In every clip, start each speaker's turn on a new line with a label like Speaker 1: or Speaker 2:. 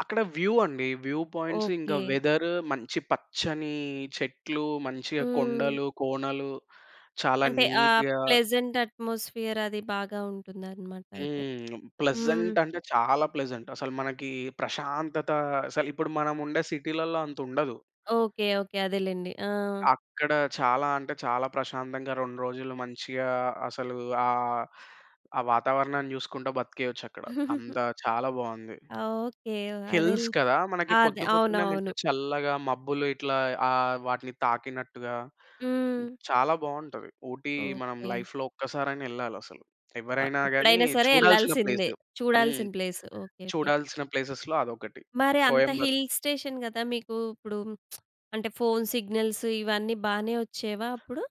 Speaker 1: అక్కడ వ్యూ అండి. View points ఇంకా
Speaker 2: ఓకే.
Speaker 1: వెదర్, మంచి పచ్చని చెట్లు, మంచిగా
Speaker 2: హ్మ్.
Speaker 1: కొండలు, కోనలు, చాలా
Speaker 2: అంటే ఆహ్,
Speaker 1: నీట్‌గా
Speaker 2: ప్లెజెంట్ అట్మోస్ఫియర్ అది బాగా ఉంటుందనమాటైతే.
Speaker 1: హ్మ్. ప్లెజంట్
Speaker 2: హ్మ్.
Speaker 1: అంటే చాలా ప్లెజంట్. అసలు మనకి ప్రశాంతత అసలిప్పుడు మనం ఉండే సిటీ‌లల్ల అంతుండదు.
Speaker 2: ఓకే. ఓకే. అదేలెండి. ఆ!
Speaker 1: అక్కడ చాలా అంటే చాలా ప్రశాంతంగా రొండ్రోజులు మంచిగా అసలు ఆహ్, ఆ వాతావరణాన్ని జూసుకుంటా బ్రతికేయొచ్చక్కడ. అంత చాలా బావుంది.
Speaker 2: ఆ! ఓకే. అదేల్
Speaker 1: హిల్స్ కదా! మనకి
Speaker 2: ఆ! అదే
Speaker 1: పొద్దు పొద్దున్నే
Speaker 2: అవునవును.
Speaker 1: మంచిగా చల్లగా మబ్బులు ఇట్లా ఆహ్, వాటిని తాకినట్టుగా
Speaker 2: హ్మ్.
Speaker 1: చాలా బావుంటది. ఊటీ మనం
Speaker 2: ఓకే.
Speaker 1: లైఫ్‌లో ఒక్కసారైనా ఎళ్ళాలసలు.
Speaker 2: ఆ!
Speaker 1: ఎవ్వరైనా గాని
Speaker 2: ఎప్పుడైనా సరే
Speaker 1: చూడాల్సిన
Speaker 2: ఎళ్ళాల్సిందే.
Speaker 1: ప్లేసు. హ్మ్.
Speaker 2: చూడాల్సిన ప్లేసు. ఓకే. ఓకే.
Speaker 1: చూడాల్సిన ప్లేసెస్‌లో అదొకటి.
Speaker 2: మరి అంత
Speaker 1: కోయంబత్
Speaker 2: హిల్ స్టేషన్ గదా! మీకు ఇప్పుడు అంటే ఫోన్ సిగ్నల్స్ ఇవన్నీ బానే వొచ్చేవా అప్పుడు?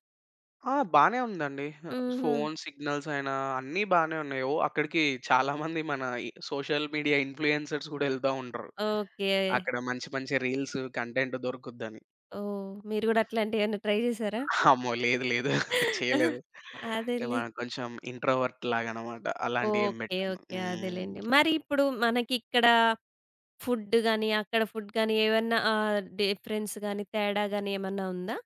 Speaker 1: ఆ! బానే ఉందండి. ఆహ్,
Speaker 2: హుహు.
Speaker 1: ఫోను సిగ్నల్స్ అయినా అన్ని బానే ఉన్నాయి. ఓ అక్కడికి చాలా మంది మన ఈ సోషల్ మీడియా ఇన్‌ఫ్లూయెన్సర్స్ గూడా ఎళ్తా ఉంటరు.
Speaker 2: ఓకే.
Speaker 1: అక్కడ మంచి మంచి రీల్స్, కంటెంట్, దొరుకుద్దని.
Speaker 2: ఓహ్! మీరు గూడా అట్లాంటియేవన్నా ట్రై జేసారా?
Speaker 1: అమ్మో! లేదు. లేదు.
Speaker 2: ఆ!
Speaker 1: చెయ్యలేదు. యాహ్!
Speaker 2: అదేలే.
Speaker 1: మనం కొంచెం ఇంట్రోవర్ట్‌లాగానమాట. అలాంటియి ఏం
Speaker 2: ఓకే.
Speaker 1: పెట్టను.
Speaker 2: ఓకే.
Speaker 1: హ్మ్.
Speaker 2: అదేలెండి. మరి ఇప్పుడు మనకిక్కడ ఫుడ్ గాని, అక్కడ ఫుడ్ గాని, ఏదన్నా ఆహ్, డిఫరెన్స్ గాని, తేడా గాని, ఏమన్నా ఉందా?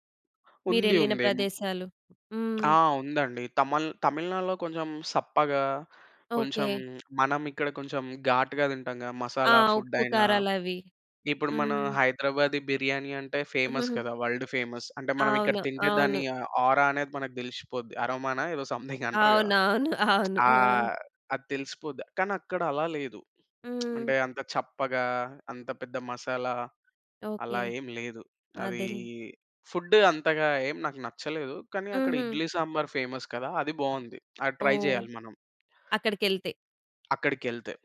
Speaker 1: ఉంది
Speaker 2: మీరెళ్ళిన
Speaker 1: ఉందేమో.
Speaker 2: ప్రదేశాలు.
Speaker 1: ఆ!
Speaker 2: హ్మ్.
Speaker 1: ఉందండి. తమళ్ తమిళనాడులో కొంచెం సప్పగా, కొంచెం
Speaker 2: ఓకే.
Speaker 1: మనం ఇక్కడ కొంచెం ఘాటుగా తింటాం గదా!
Speaker 2: ఆ!
Speaker 1: మసాలా ఫుడైనా,
Speaker 2: ఉప్పుకారాలవి.
Speaker 1: ఇప్పుడు మన
Speaker 2: హ్మ్.
Speaker 1: హైదరాబాదీ బిర్యానీ అంటే ఫేమస్ కదా! World famous. అంటే మనం ఇక్కడ
Speaker 2: అవును.
Speaker 1: తింటే దాని
Speaker 2: అవును.
Speaker 1: ఆహ్, ఆరా అనేది మనకు దెలిసిపోద్ది. అరోమా‌నా ఏదో సమ్‌థింగ్ అంటారు గదా!
Speaker 2: అవునవును. అవును. ఆ!
Speaker 1: ఆహ్, అది తెలిసిపోద్ది. కానక్కడ అలా లేదు.
Speaker 2: హ్మ్.
Speaker 1: అంటే అంత చప్పగా, అంత పెద్ద మసాలా,
Speaker 2: ఓకే.
Speaker 1: అలా ఏం లేదు. అదీ
Speaker 2: అదేలే.
Speaker 1: ఫుడ్డు అంతగా ఏం నాకు నచ్చలేదు. కానీ అక్కడ
Speaker 2: హుహు.
Speaker 1: ఇడ్లీ సాంబార్ ఫేమస్ కదా! అది బావుంది. అది ట్రై
Speaker 2: ఓహ్!
Speaker 1: జేయాలి మనం.
Speaker 2: అక్కడికెళ్తే.
Speaker 1: అక్కడికెళ్తే.